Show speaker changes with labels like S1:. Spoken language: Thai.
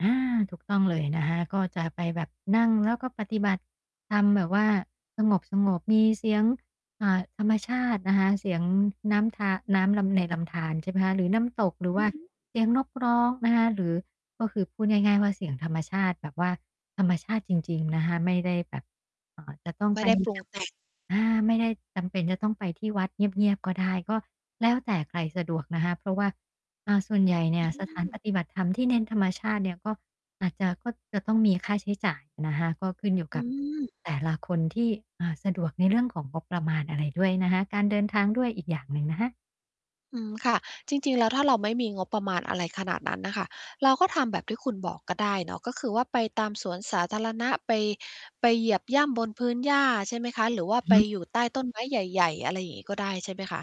S1: อา ถูกต้องเลยนะคะ ก็จะไปแบบนั่งแล้วก็ปฏิบัติธรรม แบบว่าสงบ ๆ มีเสียง อ่า ธรรมชาตินะคะ เสียงน้ำธา น้ำลำ ในลำธาร ใช่ไหมคะ หรือน้ำตก หรือ
S2: อ
S1: ว
S2: ื
S1: ่า
S2: อฮึ
S1: เสียงนกร้องนะคะ หรือ ก็คือพูดง่าย ๆ ว่าเสียงธรรมชาติ แบบว่าธรรมชาติจริง ๆ นะคะ ไม่ได้แบบ เอ่อ จะต้อง
S2: ไม
S1: ไ
S2: ่
S1: ป
S2: ได้ปรุ
S1: จ
S2: ง แต่ง
S1: ำ อา ไม่ได้จำเป็นจะต้องไปที่วัดเงียบ ๆ ก็ได้ ก็แล้วแต่ใครสะดวกนะคะ เพราะว่า อ่า ส่วนใหญ่เนี่
S2: อ
S1: ย
S2: ื
S1: สถาน
S2: ม
S1: ปฏิบัติธรรมที่เน้นธรรมชาติเนี่ย ก็อาจจะ ก็จะต้องมีค่าใช้จ่ายนะคะ ก็ขึ้นอยู่
S2: อื
S1: กับ
S2: ม
S1: แต่ละคนที่ อ่า สะดวกในเรื่องของงบประมาณอะไรด้วยนะคะ การเดินทางด้วยอีกอย่างหนึ่งนะคะ
S2: อืม ค่ะ จริง ๆ แล้วถ้าเราไม่มีงบประมาณอะไรขนาดนั้นน่ะค่ะ เราก็ทำแบบที่คุณบอกก็ได้เนาะ ก็คือว่าไปตามสวนสาธารณะ ไป ไปเหยียบย่ำบนพื้นหญ้า ใช่ไหมคะ หรือว่า
S1: อือ
S2: ไ
S1: ฮ
S2: ป
S1: ึ
S2: อยู่ใต้ต้นไม้ใหญ่ ๆ อะไรอย่างงี้ก็ได้ ใช่ไหมคะ?